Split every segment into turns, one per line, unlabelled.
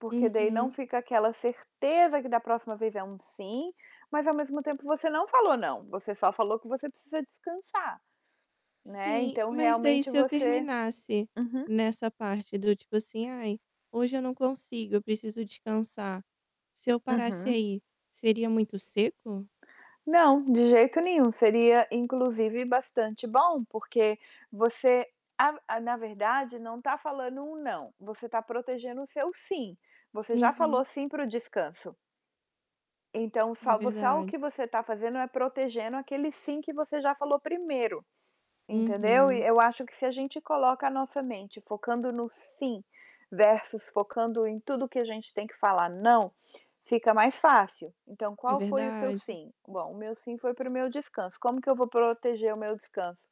Porque daí não
Uhum.
fica aquela certeza que da próxima vez é um "sim", mas ao mesmo tempo você não falou "não", você só falou que você precisa descansar. Né,
Sim,
então
mas daí
realmente
se eu
você
terminasse
uhum.
nessa parte do tipo, assim: "Ai, hoje eu não consigo, eu preciso descansar". Se eu parasse
Uhum.
aí, seria muito seco?
Não, de jeito nenhum. Seria, inclusive bastante bom, porque você a a na verdade, não tá falando um "não", você tá protegendo o seu "sim". Você já
Uhum.
falou "sim" para o descanso. Então
É
só vo só o
verdade.
que você tá fazendo é protegendo aquele "sim" que você já falou primeiro, entendeu? E
Uhum.
eu acho que se a gente coloca a nossa mente focando no "sim" versus focando em tudo que a gente tem que falar "não", fica mais fácil. Então,
É
qual foi o seu
verdade.
"sim"? "Bom, o meu 'sim' foi para o meu descanso. Como que eu vou proteger o meu descanso?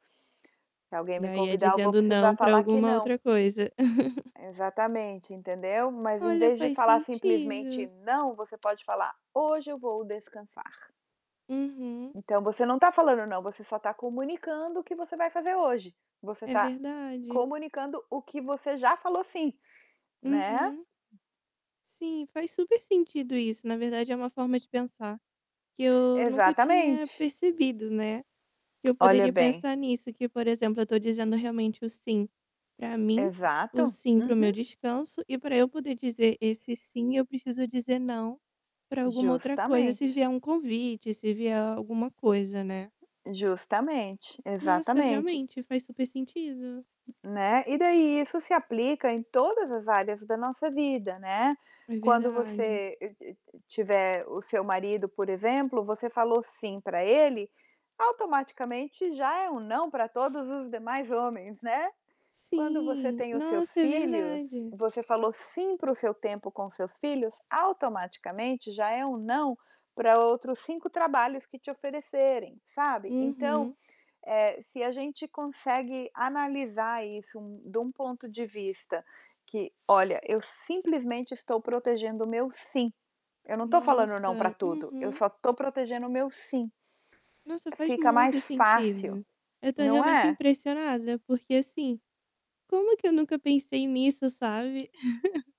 Se alguém me
Daí, é
convidar, eu vou
dizendo "não"
precisar
pra
falar que
alguma
"não"".
outra coisa.
Exatamente, entendeu? Mas em
Olha,
vez de
faz
falar simplesmente
sentido.
"não", você pode falar: "Hoje eu vou descansar".
Uhum.
Então, você não tá falando "não", você só tá comunicando o que você vai fazer hoje. Você
É
tá
verdade.
comunicando o que você já falou "sim", né?
Uhum. Sim, faz super sentido isso. Na verdade, é uma forma de pensar, que eu nunca tinha
Exatamente.
percebido, né. Que eu
Olha
poderia
bem.
pensar nisso, que, por exemplo, eu tô dizendo realmente o "sim" pra mim, o
Exato.
"sim" para o meu
Uhum.
descanso e pra eu poder dizer esse "sim", eu preciso dizer "não" pra alguma outra coisa, se
Justamente.
vier um convite, se vier alguma coisa, né?
Justamente,
Nossa,
exatamente.
realmente, faz super sentido.
Né. E daí, isso se aplica em todas as áreas da nossa vida, né.
É
Quando
verdade.
você e e e tiver o seu marido, por exemplo, você falou "sim" pra ele, automaticamente já é um "não" pra todos os demais homens, né. Quando você
Sim,
tem os seus
nossa, é
filhos,
verdade.
você falou "sim" para o seu tempo com seus filhos, automaticamente já é um não pra outros 5 trabalhos que te oferecerem, sabe. Então,
Uhum.
eh, se a gente consegue analisar isso de um ponto de vista que: "Olha, eu simplesmente estou protegendo o meu 'sim', eu não tô falando 'não' pra
Nossa,
tudo, eu
uhum.
só tô protegendo o meu 'sim'".
Nossa, faz
Fica mais
muito
fácil,
sentido. Eu tô
não
realmente
é?
impressionada, porque, assim, como que eu nunca pensei nisso, sabe?